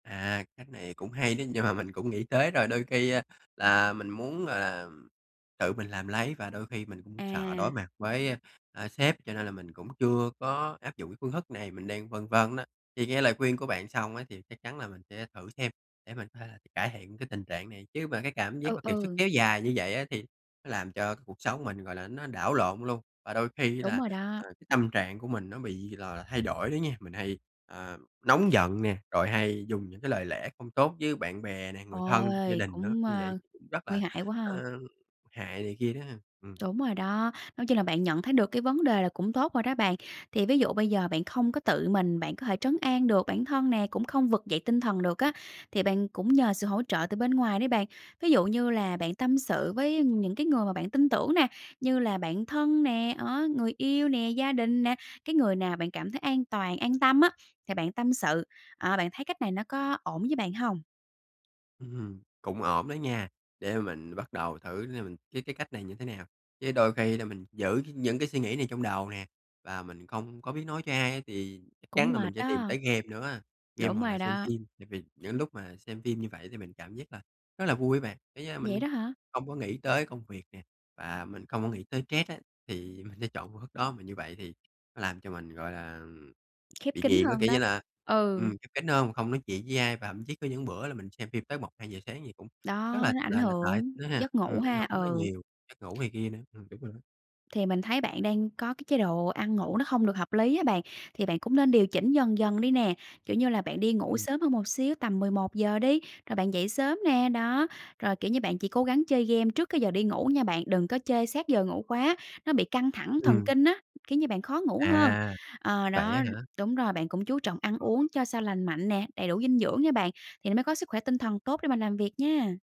À, cách này cũng hay đó, nhưng mà mình cũng nghĩ tới rồi. Đôi khi là mình muốn, gọi là, tự mình làm lấy, và đôi khi mình cũng sợ đối À. mặt với, a, à, sếp, cho nên là mình cũng chưa có áp dụng cái phương thức này, mình đang phân vân á. Thì nghe lời khuyên của bạn xong á, thì chắc chắn là mình sẽ thử xem để mình có thể là cải thiện cái tình trạng này. Chứ mà cái cảm giác Ừ, mà kiệt sức ừ. kéo dài như vậy á, thì nó làm cho cuộc sống mình, gọi là, nó đảo lộn luôn, và đôi khi Đúng là, rồi đó. ờ, cái tâm trạng của mình nó bị, gọi là, thay đổi nữa nha. Mình hay, ờ, nóng giận nè, rồi hay dùng những cái lời lẽ không tốt với bạn bè nè, người thân trong gia Ôi, đình nữa, cũng, như à, vậy cũng rất nguy là, hại quá ha. ờ, hại này kia đó ha. Ừm. Đúng rồi đó. Nói chung là bạn nhận thấy được cái vấn đề là cũng tốt rồi đó bạn. Thì ví dụ bây giờ bạn không có tự mình bạn có thể trấn an được bản thân nè, cũng không vực dậy tinh thần được á, thì bạn cũng nhờ sự hỗ trợ từ bên ngoài đấy bạn. Ví dụ như là bạn tâm sự với những cái người mà bạn tin tưởng nè, như là bạn thân nè, đó, người yêu nè, gia đình nè, cái người nào bạn cảm thấy an toàn, an tâm á, thì bạn tâm sự. Ờ, bạn thấy cách này nó có ổn với bạn hông? Ừm hừm, cũng ổn đó nha. Để mình bắt đầu thử, để mình cái cái cách này như thế nào. Chứ đôi khi thì mình giữ những cái suy nghĩ này trong đầu nè, và mình không có biết nói cho ai, thì chắc Cũng chắn là mình mệt sẽ tìm đó. tới game nữa á, game Đúng hoặc là rồi xem đó. phim. Tại vì những lúc mà xem phim như vậy thì mình cảm giác là rất là vui á bạn, cái, a, Vậy mình đó hả? không có nghĩ tới công việc nè, và mình không có nghĩ tới stress á, thì mình sẽ chọn phương thức đó. Mà như vậy thì nó làm cho mình, gọi là, ừm, Khép bị kín nghiện á, hơn kiểu như đó. là, ừm, Ừ. cái cái nơi mà không nói chuyện với ai. Và thậm chí có những bữa là mình xem phim tới 1:00-2:00 sáng gì cũng rất Đó, là nó ảnh là là tệ hưởng nữa ha, giấc ngủ ừm, ảnh ha, hưởng quá ừ. nhiều, giấc ngủ này kia nữa. Ừm, đúng rồi đó. Thì mình thấy bạn đang có cái chế độ ăn ngủ nó không được hợp lý á bạn, thì bạn cũng nên điều chỉnh dần dần đi nè, kiểu như là bạn đi ngủ Ừm. sớm hơn một xíu, tầm 11:00 đi, rồi bạn dậy sớm nè. Đó, rồi, kiểu như, bạn chỉ cố gắng chơi game trước cái giờ đi ngủ nha bạn, đừng có chơi sát giờ ngủ quá, nó bị căng thẳng thần Ừm. kinh á, kiểu như, bạn khó ngủ hơn. À, Ờ, vậy á đó, hả? đúng rồi. Bạn cũng chú trọng ăn uống cho sao lành mạnh nè, đầy đủ dinh dưỡng nha bạn, thì nó mới có sức khỏe tinh thần tốt để mình làm việc nha.